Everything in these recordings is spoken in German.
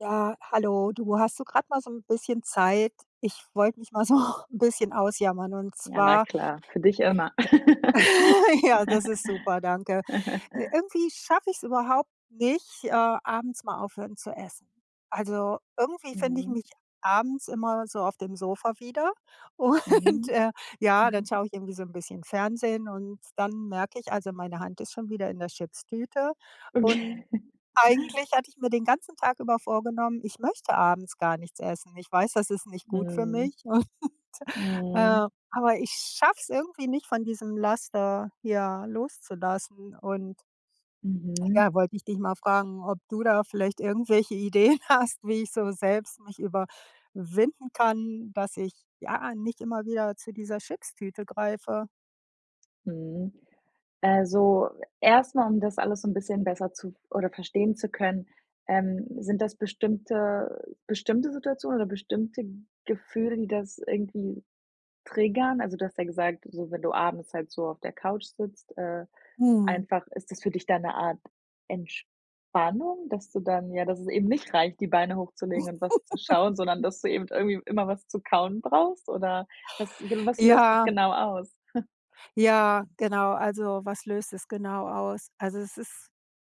Ja, hallo, du, hast du gerade mal so ‘n bisschen Zeit? Ich wollte mich mal so ‘n bisschen ausjammern und Ja, na zwar klar. Für dich immer. ja, das ist super, danke. Ir Irgendwie schaffe ich‘s überhaupt nicht, äh, abends mal aufhören zu essen. Also, irgendwie finde ich Mhm. mich abends immer so auf dem Sofa wieder und, Mhm. äh, ja, dann schaue ich irgendwie so ‘n bisschen Fernsehen und dann merke ich, also meine Hand ist schon wieder in der Chips-Tüte und Okay. eigentlich hatte ich mir den ganzen Tag über vorgenommen, ich möchte abends gar nichts essen. Ich weiß, das ist nicht gut für Mhm. mich und, Mhm. äh, aber ich schaffe es irgendwie nicht von diesem Laster, ja, loszulassen und Mhm. ja, wollte ich dich mal fragen, ob du da vielleicht irgendwelche Ideen hast, wie ich so selbst mich überwinden kann, dass ich, ja, nicht immer wieder zu dieser Chips-Tüte greife? Mhm. Also erstmal, um das alles so ‘n bisschen besser zu v oder verstehen zu können, ähm, sind das bestimmte bestimmte Situationen oder bestimmte Gefühle, die das irgendwie triggern? Also, du hast ja gesagt, so wenn du abends halt so auf der Couch sitzt, äh, Mhm. einfach, ist das für dich da ‘ne Art Entspannung, dass du dann ja, dass es eben nicht reicht, die Beine hochzulegen und was zu schauen, sondern dass du eben irgendwie immer was zu kauen brauchst oder was gen was löst das Ja. genau aus? Ja, genau, also was löst das genau aus? Also, es ist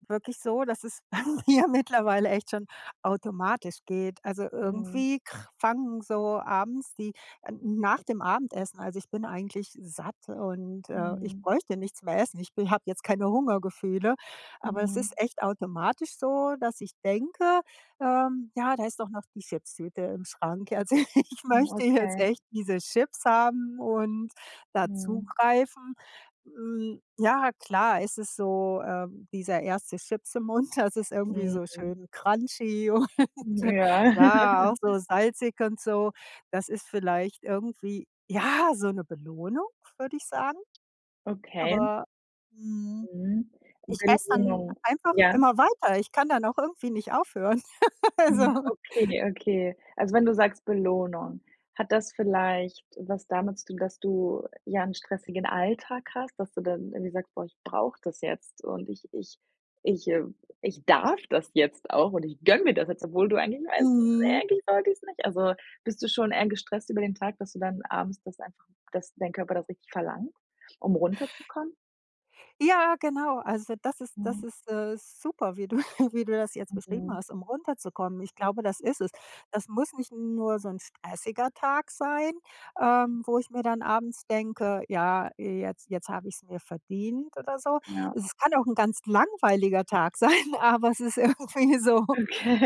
wirklich so, dass es ja mittlerweile echt schon automatisch geht. Also, Mhm. irgendwie kr fangen so abends, die, äh, nach dem Abendessen also ich bin eigentlich satt und, äh, ich Mhm. bräuchte nichts mehr essen. Ich b habe jetzt keine Hungergefühle, aber es Mhm. ist echt automatisch so, dass ich denke, ähm: „Ja, da ist doch noch die Chips-Tüte im Schrank. Also ich Hm, möchte jetzt okay. echt diese Chips haben und da Mhm. zugreifen.“ Äm, ja, klar, es ist so, ähm, dieser 1. Chips im Mund, das ist irgendwie so Mhm. schön crunchy und Ja. ja, auch so salzig und so. Das ist vielleicht irgendwie, ja, so ‘ne Belohnung, würde ich sagen. Okay. Aber mhm. Mhm. Ich esse dann [unintelligible] einfach ja? immer weiter, ich kann dann auch irgendwie nicht aufhören. Mhm, Also okay, okay. Also wenn du sagst Belohnung, hat das vielleicht was damit zu tun, dass du, ja, ‘n stressigen Alltag hast, dass du dann irgendwie sagst: „Boah, ich brauche das jetzt und ich ich ich äh, ich darf das jetzt auch und ich gönne mir das jetzt“, obwohl du eigentlich weißt, Mhm. eigentlich sollte ich's nicht“. Also, bist du schon eher gestresst über den Tag, dass du dann abends das einfach dass dein Körper das richtig verlangt, um runterzukommen? Ja, genau, also das ist Mhm. das ist, äh, super, wie du wie du das jetzt beschrieben Mhm. hast, um runterzukommen. Ich glaube, das ist es. Das muss nicht nur so ‘n stressiger Tag sein, ähm, wo ich mir dann abends denke: „Ja, jetzt jetzt habe ich's mir verdient“ oder so. Ja. Es kann auch ‘n ganz langweiliger Tag sein, aber es ist irgendwie so,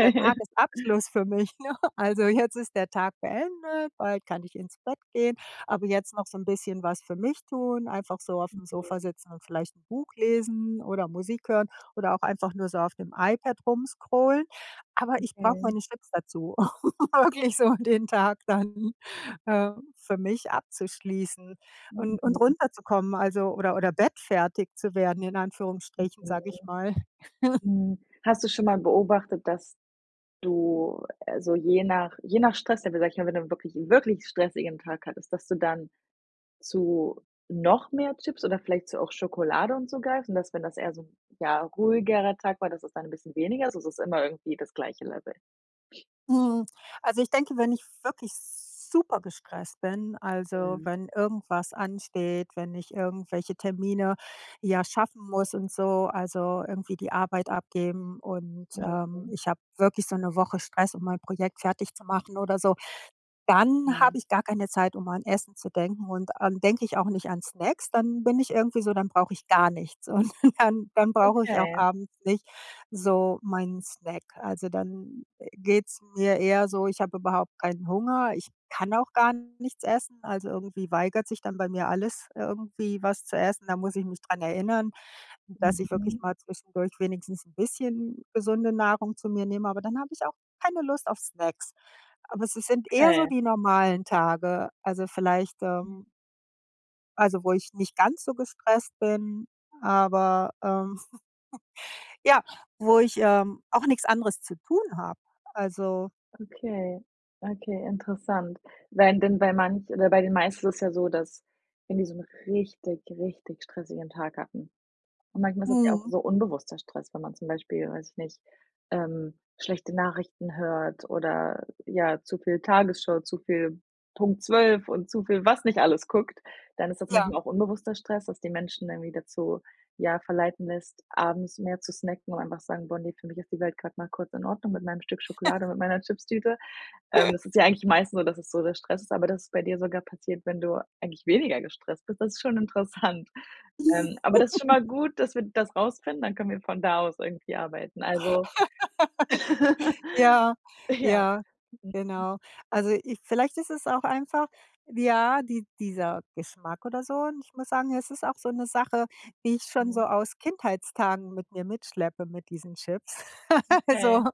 der Tages-Abschluss für mich, ne? Also, jetzt ist der Tag beendet, bald kann ich ins Bett gehen, aber jetzt noch so ‘n bisschen was für mich tun, einfach so aufm [unintelligible] Sofa sitzen und vielleicht ‘n Buch lesen oder Musik hören oder auch einfach nur so auf dem iPad rum scrollen, aber ich brauche Okay. meine Chips dazu, um wirklich so den Tag dann, äh, für mich abzuschließen und und Mhm. runterzukommen, also oder oder bettfertig zu werden in Anführungsstrichen, Mhm. sage ich mal. Hm, hast du schon mal beobachtet, dass du, äh, so je nach je nach Stress-Level, sage ich mal, wenn du dann wirklich, wirklich stressigen Tag hattest, dass du dann zu noch mehr Chips oder vielleicht zu auch Schokolade und so greift, und dass, wenn das eher so ‘n ja, ruhigerer Tag war, dass es dann ‘n bisschen weniger ist oder ist es immer irgendwie das gleiche Level? Mhm, also ich denke, wenn ich wirklich super gestresst bin, also, Mhm. wenn irgendwas ansteht, wenn ich irgendwelche Termine, ja, schaffen muss und so, also irgendwie die Arbeit abgeben und, ähm, Mhm. ich habe wirklich so ‘ne Woche Stress, um mein Projekt fertig zu machen oder so, dann habe Mhm. ich gar keine Zeit, um an Essen zu denken und dann denke ich auch nicht an Snacks, dann bin ich irgendwie so, dann brauche ich gar nichts. Und dann dann brauche ich auch Okay. abends nicht so meinen Snack. Also, dann, äh, geht‘s mir eher so ich habe überhaupt keinen Hunger, ich kann auch gar nichts essen, also irgendwie weigert sich dann bei mir alles irgendwie was zu essen. Da muss ich mich daran erinnern, dass ich wirklich Mhm. mal zwischendurch wenigstens ‘n bisschen gesunde Nahrung zu mir nehme, aber dann habe ich auch keine Lust auf Snacks. Aber es si sind eher so Okay. die normalen Tage, also vielleicht, Hm. ähm Also, wo ich nicht ganz so gestresst bin, aber, ähm ja, wo ich, ähm, auch nichts anderes zu tun habe. Also Okay, okay, interessant. Wenn dann bei manch oder bei den meisten ist es ja so, dass wenn die so 'n richtig, richtig stressigen Tag hatten. Und manchmal ist es ja auch Mhm. so unbewusster Stress, wenn man zum Beispiel, weiß ich nicht, ähm, schlechte Nachrichten hört oder ja, zu viel Tagesschau, zu viel Punkt 12 und zu viel, was nicht alles guckt, dann ist das Ja. manchmal auch unbewusster Stress, dass die Menschen irgendwie dazu, ja, verleiten lässt, abends mehr zu snacken und einfach sagen: „Boah ne, für mich ist die Welt gerade mal kurz in Ordnung mit meinem Stück Schokolade und mit meiner Chipstüte.“ Ähm, das ist ja eigentlich meistens so, dass das so der Stress ist, aber das ist bei dir sogar passiert, wenn du eigentlich weniger gestresst bist, das ist schon interessant. Ähm, aber das ist schon mal gut, dass wir das rausfinden, dann können wir von da aus irgendwie arbeiten, also Ja, Ja. ja, Mhm. genau. Also, ich vielleicht ist es auch einfach, ja, die dieser Geschmack oder so, und ich muss sagen, es ist auch so 'ne Sache, die ich schon so Mhm. aus Kindheitstagen mit mir mitschleppe, mit diesen Chips. Okay. Also,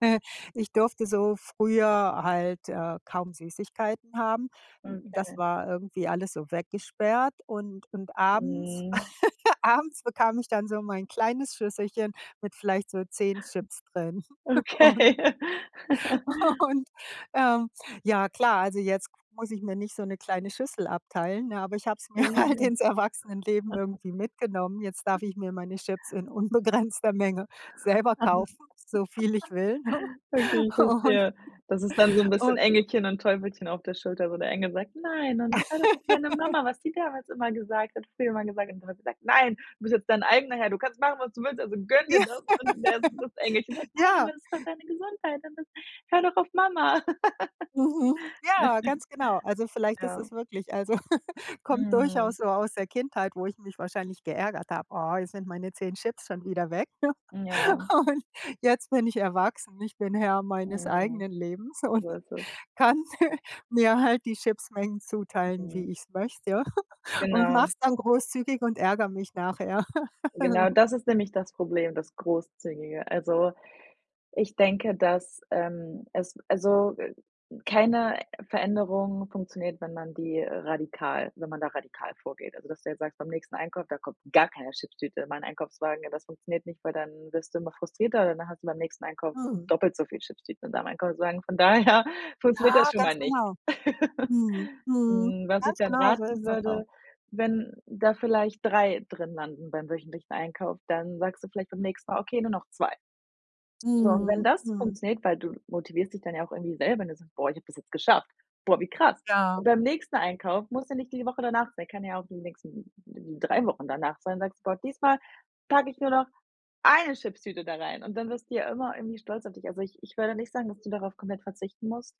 äh, ich durfte so früher halt, äh, kaum Süßigkeiten haben. Das Okay. war irgendwie alles so weggesperrt und und abends Mhm. abends bekam ich dann so mein kleines Schüsselchen mit vielleicht so 10 Chips drin. Und Okay. und ähm, ja, klar, also, jetzt muss ich mir nicht so 'ne kleine Schüssel abteilen, ne, aber ich habe es mir halt ins [unintelligible] Erwachsenenleben irgendwie mitgenommen. Jetzt darf ich mir meine Chips in unbegrenzter Menge selber kaufen, so viel ich will, ne? Okay, ich Und verstehe. Das ist dann so 'n bisschen und Engelchen und Teufelchen auf der Schulter, wo der Engel sagt: „Nein und hör doch auf deine Mama, was sie damals immer gesagt hat, früher immer gesagt hat.“ Und der Teufel sagt: „Nein, du bist jetzt dein eigener Herr. Du kannst machen, was du willst. Also, gönn dir Ja, das.“ Und [unintelligible] das Engelchen sagt: „Nein, aber ja. das ist doch deine Gesundheit und das hör doch auf Mama.“ Mhm. Ja, ganz genau. Also vielleicht ist Ja. es wirklich, also, kommt Mhm. durchaus so aus der Kindheit, wo ich mich wahrscheinlich geärgert habe: „Ah, jetzt sind meine 10 Chips schon wieder weg.“ Ja. Und jetzt bin ich erwachsen, ich bin Herr meines Mhm. eigenen Lebens und So ist es. kann mir mir halt die Chips-Mengen zuteilen, Mhm. wie ich es möchte und mache Genau. es dann großzügig und ärgere mich nachher. Genau, das ist nämlich das Problem, das Großzügige. Also, ich denke, dass, ähm, es also, äh, keine Veränderung funktioniert, wenn man die radikal wenn man da radikal vorgeht. Also, dass du jetzt sagst: „Beim nächsten Einkauf, da kommt gar keine Chipstüte in meinen Einkaufswagen.“ Ja, das funktioniert nicht, weil dann wirst du immer frustrierter. Dann hast du beim nächsten Einkauf Mhm. doppelt so viel Chipstüten in deinem Einkaufswagen, von daher funktioniert das Ja, schon mal ganz nicht. genau. Mhm, mhm. Hm, was ich Ganz dann genau, so raten ist das auch. würde, wenn da vielleicht 3 drin landen beim wöchentlichen Einkauf, dann sagst du vielleicht beim nächsten Mal: „Okay, nur noch 2.“ So und wenn Mhm, das mhm. funktioniert weil du motivierst dich dann ja auch irgendwie selber, wenn du sagst: „Boah, ich habe das jetzt geschafft. Boah, wie krass.“ Ja. Und beim nächsten Einkauf muss ja nicht die Woche danach sein, kann ja auch die nächsten 3 Wochen danach sein, sagst du: „Boah diesmal packe ich nur noch 1 Chipstüte da rein.“ Und dann wirst du ja immer irgendwie stolz auf dich. Also, ich ich würde nicht sagen, dass du darauf komplett verzichten musst,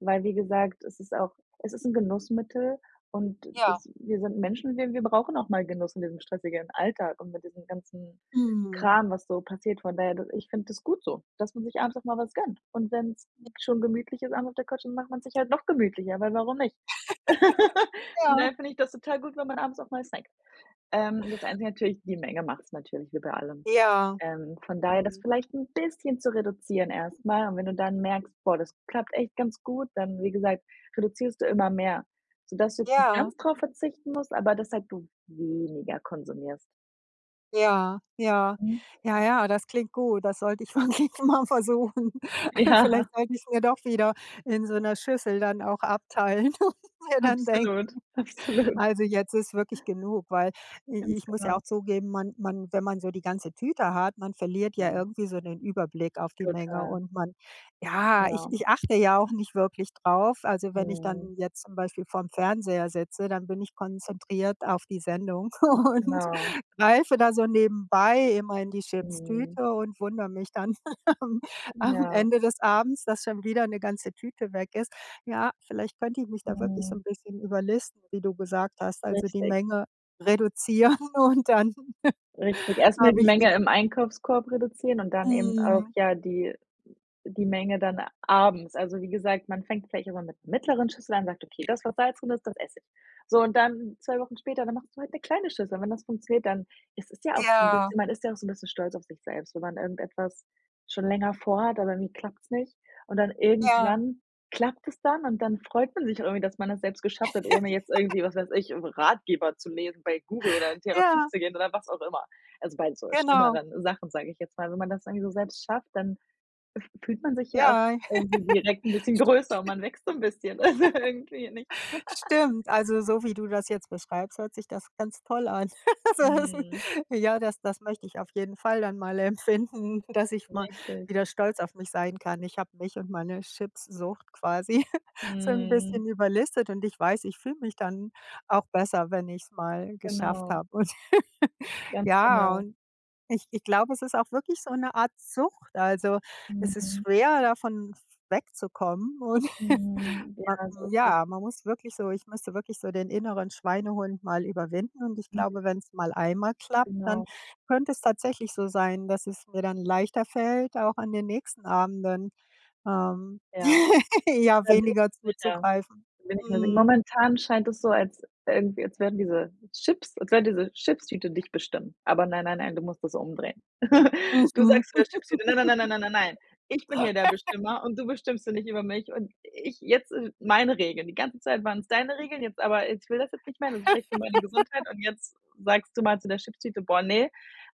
weil, wie gesagt, es ist auch es ist 'n Genussmittel. Und wir Ja. s wir sind Menschen, wir wir brauchen auch mal Genuss in diesem stressigen Alltag und mit diesem ganzen Mhm. Kram, was so passiert. Von daher du ich finde das gut so, dass man sich abends auch mal was gönnt. Und wenn's schon gemütlich ist abends auf der Couch, dann macht man sich halt noch gemütlicher, weil warum nicht? Von Ja. daher finde ich das total gut, wenn man abends auch mal snackt. Ähm, das einzige natürlich: die Menge macht's natürlich wie bei allem. Ja. Ähm, von daher das Mhm. vielleicht 'n bisschen zu reduzieren erstmal. Und wenn du dann merkst: „Boah, das klappt echt ganz gut“, dann wie gesagt, reduzierst du immer mehr, so dass du jetzt nicht Ja. ganz darauf verzichten musst, aber dass halt du weniger konsumierst. Ja, ja. Mhm. Ja, ja, das klingt gut, das sollte ich wirklich mal versuchen. Ja. Vielleicht sollte ich es mir doch wieder in so 'ner Schüssel dann auch abteilen und mir dann denken: Absolut, absolut. „Also jetzt ist wirklich genug.“ Weil i Ganz ich muss ja genau. auch zugeben, man man wenn man so die ganze Tüte hat, man verliert ja Mhm. irgendwie so den Überblick auf die Menge Total. und man ja, ich Ja. ich achte ja auch nicht wirklich drauf. Also, wenn ich Mhm. dann jetzt zum Beispiel vorm Fernseher sitze, dann bin ich konzentriert auf die Sendung und Genau. greife da so nebenbei immer in die Mhm. Chipstüte und wundere mich dann am am Ja. Ende des Abends, dass schon wieder 'ne ganze Tüte weg ist. Ja, vielleicht könnte ich mich da wirklich so Mhm. 'n bisschen überlisten, wie du gesagt hast. Also die Richtig. Menge reduzieren und dann Richtig, erstmal habe die ich Menge wieder im Einkaufskorb reduzieren und dann eben auch, Mhm. ja, die die Menge dann abends. Also wie gesagt, man fängt vielleicht auch mal mit mittleren Schüsseln an und sagt: „Okay, das, was Salz drin ist, das esse ich.“ So, und dann 2 Wochen später, dann machst du halt 'ne kleine Schüssel. Und wenn das funktioniert, dann es ist ja auch 'n Ja. bisschen man ist ja auch so 'n bisschen stolz auf sich selbst, wenn man irgendetwas schon länger vorhat, aber irgendwie klappt's nicht, und dann Ja. irgendwann klappt es dann. Und dann freut man sich irgendwie, dass man das selbst geschafft hat, ohne jetzt irgendwie, was weiß ich, irgendwo 'n Ratgeber zu lesen, bei Google oder in Therapie Ja. zu gehen oder was auch immer. Also, bei so Genau. schlimmeren Sachen, sage ich jetzt mal. Wenn man das irgendwie so selbst schafft, dann f fühlt man sich ja auch Ja. irgendwie direkt 'n bisschen größer und man wächst so 'n bisschen, also, irgendwie, nicht. Stimmt. Stimmt, also so wie du das jetzt beschreibst, hört sich das ganz toll an. Soll heißen, Mhm. ja, das das möchte ich auf jeden Fall dann mal empfinden, dass ich mal Richtig. wieder stolz auf mich sein kann. Ich habe mich und meine Chipssucht quasi so 'n Mhm. bisschen überlistet und ich weiß, ich fühle mich dann auch besser, wenn ich's mal geschafft Genau. habe. Und Ganz ja, genau. und, ich ich glaube, es ist auch wirklich so 'ne Art Sucht. Also, es ist Mhm. schwer, davon v wegzukommen, und, Mhm, ähm, ja, so ist es. ja, man muss wirklich so ich müsste wirklich so den inneren Schweinehund mal überwinden. Und ich glaube, wenn's mal einmal klappt, dann Genau. könnte es tatsächlich so sein, dass es mir dann leichter fällt, auch an den nächsten Abenden, ähm, Ja. ja, Da bin weniger ich sicher. zuzugreifen. Da bin ich mir sicher. Mhm. Momentan scheint das so als irgendwie als werden diese Chips als wenn diese Chipstüte dich bestimmt. Aber nein, nein, nein, du musst das umdrehen. Du Mhm. sagst zu der Chipstüte: „Na na na na na na nein. Ich bin hier der Bestimmer und du bestimmst hier nicht über mich und ich jetzt sind meine Regeln. Die ganze Zeit waren es deine Regeln. Jetzt aber ich will das jetzt nicht mehr. Das ist schlecht für meine Gesundheit.“ Und jetzt sagst du mal zu der Chipstüte: „Boah, ne!“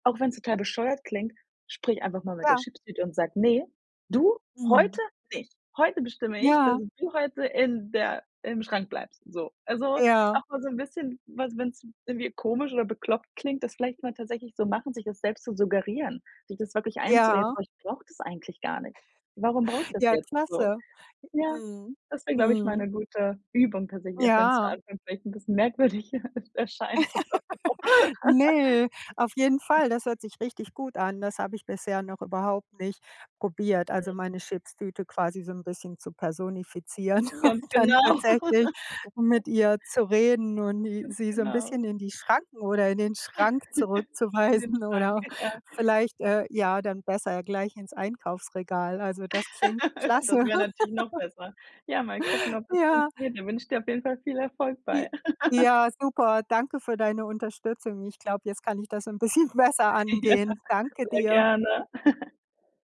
Auch wenn's total bescheuert klingt, sprich einfach mal mit der Ja. Chipstüte und sage: „Ne, du, Mhm. heute nicht! Heute bestimme ich, dass Ja. du heute in der im Schrank bleibst. So.“ Also, Ja. auch mal so 'n bisschen was wenn es irgendwie komisch oder bekloppt klingt, das vielleicht mal tatsächlich so machen, sich das selbst zu suggerieren, sich das wirklich einzureden: Ja. „Oh, ich brauche das eigentlich gar nicht. Warum brauche ich das Ja, jetzt?“ So. klasse. Ja, Mhm, das wäre, glaube ich, mal mhm. 'ne gute Übung tatsächlich, auch wenn es zu Ja. Anfang vielleicht 'n bisschen merkwürdig erscheint oder so. Ne, auf jeden Fall, das hört sich richtig gut an. Das habe ich bisher noch überhaupt nicht probiert. Mhm. Also meine Chipstüte quasi so 'n bisschen zu personifizieren und Ganz dann genau. tatsächlich mit ihr zu reden und i Ganz sie so 'n genau. bisschen in die Schranken oder in den Schrank In den zurückzuweisen Schrank, oder ja. vielleicht, äh, ja, dann besser gleich ins Einkaufsregal. Also, das klingt Das klasse. wäre natürlich noch besser. Ja, mal gucken, ob das Ja. funktioniert. Da wünsche ich dir auf jeden Fall viel Erfolg J bei. ja, super. Danke für deine Unterstützung. Ich glaube, jetzt kann ich das 'n bisschen besser Ja, angehen. Danke sehr dir. gerne.